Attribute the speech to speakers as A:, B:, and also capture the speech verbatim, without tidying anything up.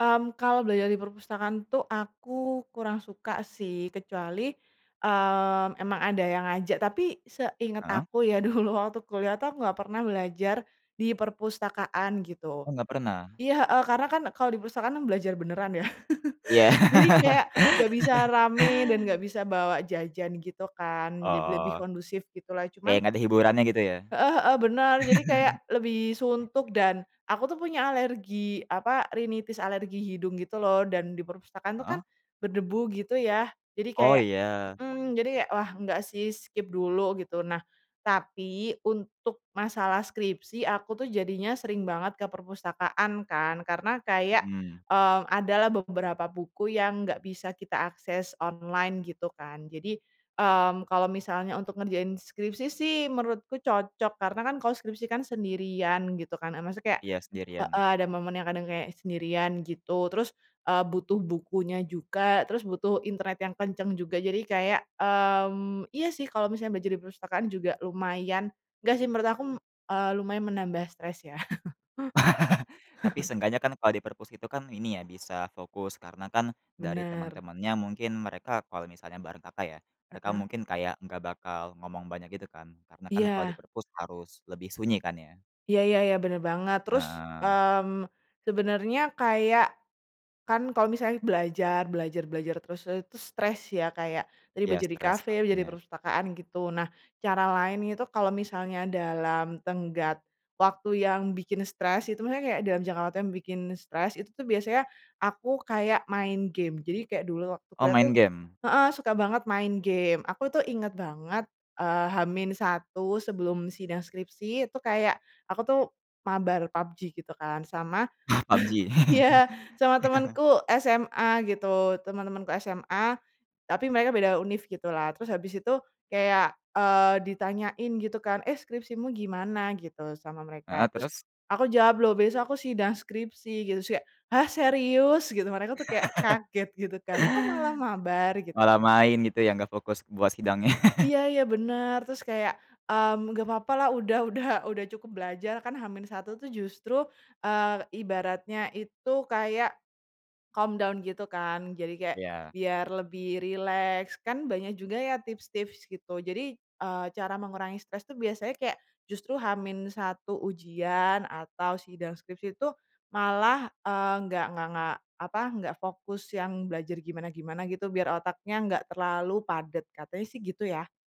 A: Mmm, kalau belajar di perpustakaan tuh aku kurang suka sih, kecuali, mmm, emang ada yang ngajak. Tapi seinget
B: Heeh.
A: aku ya dulu waktu kuliah tuh, aku nggak pernah belajar di perpustakaan gitu.
B: Oh, nggak pernah?
A: Iya, heeh. Karena kan kalau di perpustakaan kan belajar beneran ya.
B: Iya.
A: Jadi kayak nggak bisa rame dan nggak bisa bawa jajan gitu kan, jadi lebih
B: Oh.
A: kondusif gitulah.
B: Kayak
A: Cuman
B: nggak ada hiburannya gitu ya?
A: Heeh heeh, bener. Jadi kayak lebih
B: Mmm.
A: suntuk dan aku tuh punya alergi apa, rhinitis alergi hidung gitu loh dan di perpustakaan itu kan
B: Heeh.
A: berdebu gitu ya, jadi
B: Oh,
A: kayak
B: iya.
A: mhm. Jadi kayak wah, nggak sih skip dulu gitu. Nah, tapi untuk masalah skripsi, aku tuh jadinya sering banget ke perpustakaan kan, karena kayak,
B: Mhm.
A: eee, adalah beberapa buku yang nggak bisa kita akses online gitu kan. Jadi, mmm, kalau misalnya untuk ngerjain skripsi sih menurutku cocok, karena kan kalau skripsi kan sendirian gitu kan, eee, maksudnya kayak
B: Iya,
A: heeh.
B: sendirian.
A: Ada momen yang kadang kayak sendirian gitu, terus, eee, butuh bukunya juga, terus butuh internet yang kenceng juga. Jadi kayak mmm, iya sih kalau misalnya belajar di perpustakaan juga lumaya nggak sih menurut aku m eee, lumayan menambah stress ya.
B: Tapi seenggaknya kan kalau di perpus itu kan ini ya bisa fokus karena kan dari
A: Bener.
B: temen-temennya mungkin mereka kalau misalnya bareng Kakak ya, mereka
A: Heeh.
B: mungkin kayak nggak bakal ngomong banyak gitu kan? Karena kan kalau di
A: Iya.
B: perpus harus lebih sunyi kan ya?
A: Iya iya iya, bener banget. Terus,
B: Heeh.
A: mmm, sebenernya kayak kan kalau misalnya belajar belajar belajar terus, eee, itu stres ya. Kayak tadi
B: Iya,
A: belajar di
B: stress
A: kafe, belajar di
B: pastinya.
A: perpustakaan gitu. Nah, cara lain itu kalau misalnya dalam tenggat waktu yang bikin stress, itu maksudnya kayak dalam jangka waktu yang bikin stress, itu tuh biasanya aku kayak main game. Jadi kayak dulu waktu
B: Oh,
A: kuliah tuh
B: main game?
A: heeh, suka banget main game. Aku tuh inget banget, eee, H min satu sebelum sidang skripsi itu kayak, aku tuh mabar PUBG gitu kan. Sama
B: Oh, PUBG.
A: iya, sama temenku SMA gitu. Temen-temenku SMA tapi mereka beda univ gitulah, terus habis itu kayak, eee, ditanyain gitu kan, "Eh, skripsimu gimana?" gitu sama mereka.
B: Heeh,
A: Terus,
B: terus?
A: aku jawab, "Loh besok aku sidang skripsi," gitu. Terus kayak, "Hah, serius?" Gitu. Mereka tuh kayak kaget gitu kan, "Kok malah mabar?" Gitu
B: Malah
A: kan.
B: main gitu ya, nggak fokus buat sidangnya.
A: Iya iya, bener. Terus kayak, mmm, nggak papalah udah udah udah cukup belajar. Kan H min satu tuh justru, eee, ibaratnya itu kayak calm down gitu kan. Jadi kayak
B: Iya.
A: biar lebih rileks, kan banyak juga ya tips-tips gitu. Jadi, eee, cara mengurangi stress itu biasanya kayak justru H min satu ujian atau sidang skripsi itu malah, eee, nggak nggak nggak apa nggak fokus yang belajar gimana-gimana gitu, biar otaknya nggak terlalu padet. Katanya sih gitu ya.